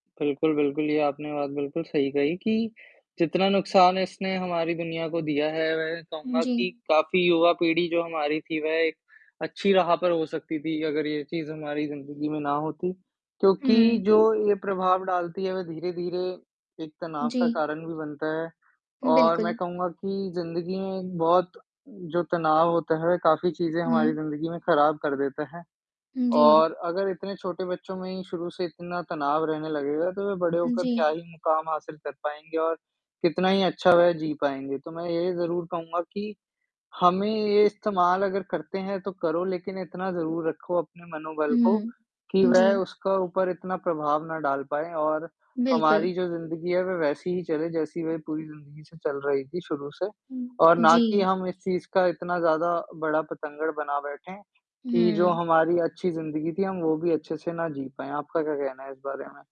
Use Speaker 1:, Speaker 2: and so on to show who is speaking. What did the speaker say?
Speaker 1: बिल्कुल, बिल्कुल, ये आपने बात बिल्कुल सही कही कि, जितना नुकसान इसने हमारी दुनिया को दिया है, वह कहूँगा कि
Speaker 2: जी।
Speaker 1: काफ़ी युवा पीढ़ी जो हमारी थी, वह एक अच्छी राह पर हो सकती थी, अगर ये चीज़ हमारी ज़िंदगी में ना होती, क्योंकि
Speaker 2: हुँ।
Speaker 1: जो ये प्रभाव डालती है, वह धीरे-धीरे, एक तनाव का
Speaker 2: जी।
Speaker 1: कारण भी बनता है।
Speaker 2: हुँ,
Speaker 1: और मैं
Speaker 2: बिल्कुल।
Speaker 1: कहूँगा कि ज़िंदगी में एक बहुत जो तनाव होता है, काफ़ी चीज़ें
Speaker 2: हुँ।
Speaker 1: हमारी ज़िंदगी में ख़राब कर देता है,
Speaker 2: हुँ, जी।
Speaker 1: और अगर इतने छोटे बच्चों में ही शुरू से इतना तनाव रहने लगेगा, तो वे बड़े होकर क्या
Speaker 2: जी।
Speaker 1: ही मुकाम हासिल कर पाएँगे और, कितना ही अच्छा वह जी पाएँगे। तो मैं यही ज़रूर कहूँगा कि, हमें ये इस्तेमाल अगर करते हैं तो करो लेकिन इतना ज़रूर रखो अपने मनोबल को,
Speaker 2: हुँ।
Speaker 1: कि वह
Speaker 2: जी।
Speaker 1: उसका ऊपर इतना प्रभाव ना डाल पाएँ और
Speaker 2: बिल्कुल।
Speaker 1: हमारी जो ज़िंदगी है, वह वैसी ही चले जैसी वह पूरी ज़िंदगी से चल रही थी शुरू से,
Speaker 2: हुँ,
Speaker 1: और ना कि
Speaker 2: जी।
Speaker 1: हम इस चीज़ का इतना ज़्यादा बड़ा बतंगड़ बना बैठे, कि जो
Speaker 2: हुँ।
Speaker 1: हमारी अच्छी ज़िंदगी थी हम वो भी अच्छे से ना जी पाएँ। आपका क्या कहना है इस बारे में?